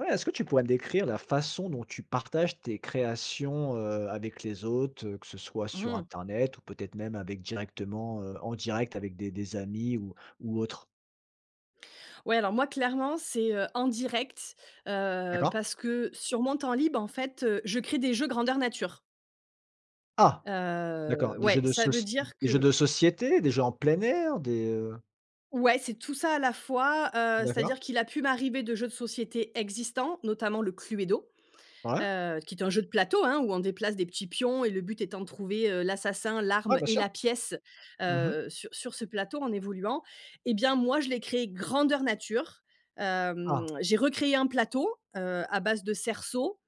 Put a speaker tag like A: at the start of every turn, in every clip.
A: Ouais, est-ce que tu pourrais décrire la façon dont tu partages tes créations, heu, avec les autres, que ce soit
B: Mmh
A: sur
B: mh.
A: internet ou peut-être même avec directement heu, en direct avec des des amis ou ou autre?
B: Ouais alors moi clairement c'est, heu, en direct, heu,
A: D'accord.
B: parce que sur mon temps libre, en fait, heu, je crée des jeux grandeur nature.
A: Ah. D'accord,
B: Heu,
A: des jeux
B: ouais,
A: de
B: ça veut
A: soci
B: dire
A: des jeux
B: que
A: de société, des jeux en plein air, des, heu?
B: Ouais, c'est tout ça à la fois, heu,
A: D'accord.
B: c'est-à-dire qu'il a pu m'arriver de jeux de société existants, notamment le Cluedo,
A: Ouais.
B: heu, qui est un jeu de plateau, hein, où on déplace des petits pions et le but étant de trouver, heu, l'assassin,
A: Ouais,
B: l'arme
A: bien
B: et
A: sûr.
B: la pièce,
A: Mmh mh.
B: heu, sur sur ce plateau en évoluant et bien, moi, je l'ai créé grandeur nature, hem,
A: Ah.
B: j'ai recréé un plateau, heu, à base de cerceaux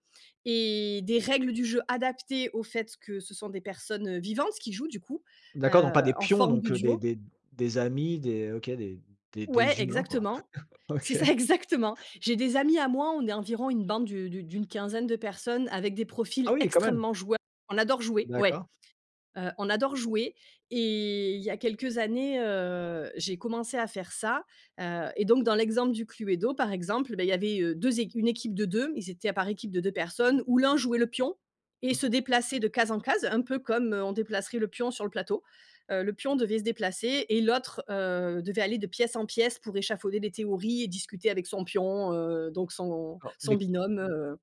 B: et des règles du jeu adaptées au fait que ce sont des personnes, heu, vivantes, qui jouent du coup,
A: D'accord, donc pas
B: heu,
A: des
B: en
A: pions,
B: forme de
A: donc, heu, des
B: duo.
A: des des amis, des, heu, OK des des
B: Ouais,
A: des humains quoi.
B: exactement. C'est
A: OK.
B: ça, exactement. J'ai des amis à moi, on est environ une bande d'u d'u d'une quinzaine de personnes, avec des profils
A: Ah oui, quand même.
B: extrêmement joueurs. On adore jouer ouais,
A: D'accord.
B: heu, on adore jouer et il y a quelques années, heu, j'ai commencé à faire ça, heu, et donc, dans l'exemple du Cluedo, par exemple, bah, il y avait, heu, 2 équi une équipe de 2. Ils étaient à par équipe de 2 personnes, où l'un jouait le pion et
A: Mmh
B: se
A: mh.
B: déplaçait de case en case, un peu comme on déplacerait le pion sur le plateau, heu, le pion devait se déplacer et l'autre, heu, devait aller de pièce en pièce, pour échafauder des théories et discuter avec son pion, heu, donc son
A: D'accord
B: son
A: mais
B: binôme, heu